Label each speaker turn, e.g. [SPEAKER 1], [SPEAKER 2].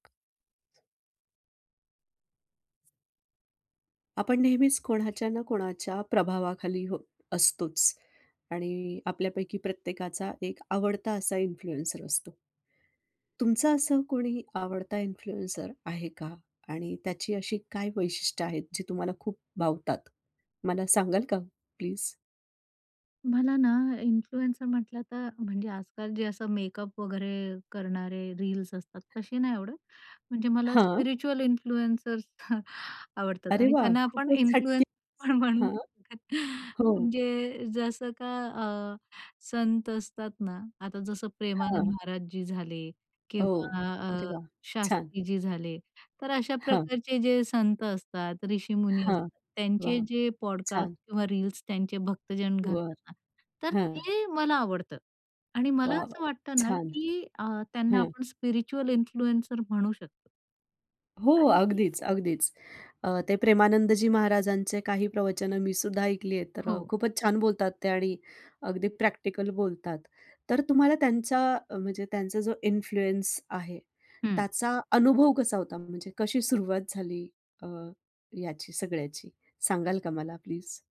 [SPEAKER 1] आपण नेहमीच कोणाच्या ना कोणाच्या प्रभावाखाली हो, असतोच आणि आपल्यापैकी प्रत्येकाचा एक आवडता असा इन्फ्लुएन्सर असतो. तुमचं असं कोणी आवडता इन्फ्लुएन्सर आहे का आणि त्याची अशी काय वैशिष्ट्य आहेत, जे तुम्हाला खूप भावतात? मला सांगाल का प्लीज?
[SPEAKER 2] मला ना इन्फ्लुएन्सर म्हंटलं तर म्हणजे आजकाल जे असं मेकअप वगैरे करणारे रील्स असतात तशी नाही आवडत. म्हणजे मला
[SPEAKER 1] हां.
[SPEAKER 2] स्पिरिच्युअल इन्फ्लुअन्सर्स आवडतात.
[SPEAKER 1] अरे
[SPEAKER 2] आणि
[SPEAKER 1] वाह!
[SPEAKER 2] त्यांना आपण
[SPEAKER 1] खूपच हटके.
[SPEAKER 2] इन्फ्लुअन्स म्हणून
[SPEAKER 1] हां. हो.
[SPEAKER 2] म्हणजे जसं का अ, संत असतात ना, आता जसं प्रेमानंद
[SPEAKER 1] हां.
[SPEAKER 2] महाराजजी झाले
[SPEAKER 1] हो.
[SPEAKER 2] किंवा
[SPEAKER 1] अरे
[SPEAKER 2] अ,
[SPEAKER 1] वाह. छान.
[SPEAKER 2] शास्त्रीजी झाले तर अशा
[SPEAKER 1] हां.
[SPEAKER 2] प्रकारचे जे संत असतात, ऋषीमुनी
[SPEAKER 1] हां,
[SPEAKER 2] असतात त्यांचे
[SPEAKER 1] वाह!
[SPEAKER 2] जे पॉडकास्ट
[SPEAKER 1] छान.
[SPEAKER 2] किंवा रील्स त्यांचे भक्तजन
[SPEAKER 1] बरं.
[SPEAKER 2] घालतात ना, तर
[SPEAKER 1] हं.
[SPEAKER 2] ते मला आवडतं. आणि मला
[SPEAKER 1] वा वा!
[SPEAKER 2] असं वाटतं ना
[SPEAKER 1] छान,
[SPEAKER 2] की अ, त्यांना
[SPEAKER 1] हं.
[SPEAKER 2] आपण स्पिरिच्युअल इन्फ्लुएन्सर म्हणू शकतो.
[SPEAKER 1] हो,
[SPEAKER 2] आणि ती
[SPEAKER 1] अगदीच, अगदीच. अ, ते प्रेमानंदजी महाराजांचे काही प्रवचनं मी सुद्धा ऐकलीय आहेत. तर अ,
[SPEAKER 2] हो.
[SPEAKER 1] खूपच छान बोलतात ते आणि अगदी प्रॅक्टिकल बोलतात. तर तुम्हाला त्यांचा म्हणजे त्यांचा जो इन्फ्लुअन्स आहे,
[SPEAKER 2] हं.
[SPEAKER 1] त्याचा अनुभव कसा होता म्हणजे कशी सुरुवात झाली अ, याची सगळ्याची सांगाल का मला प्लीज?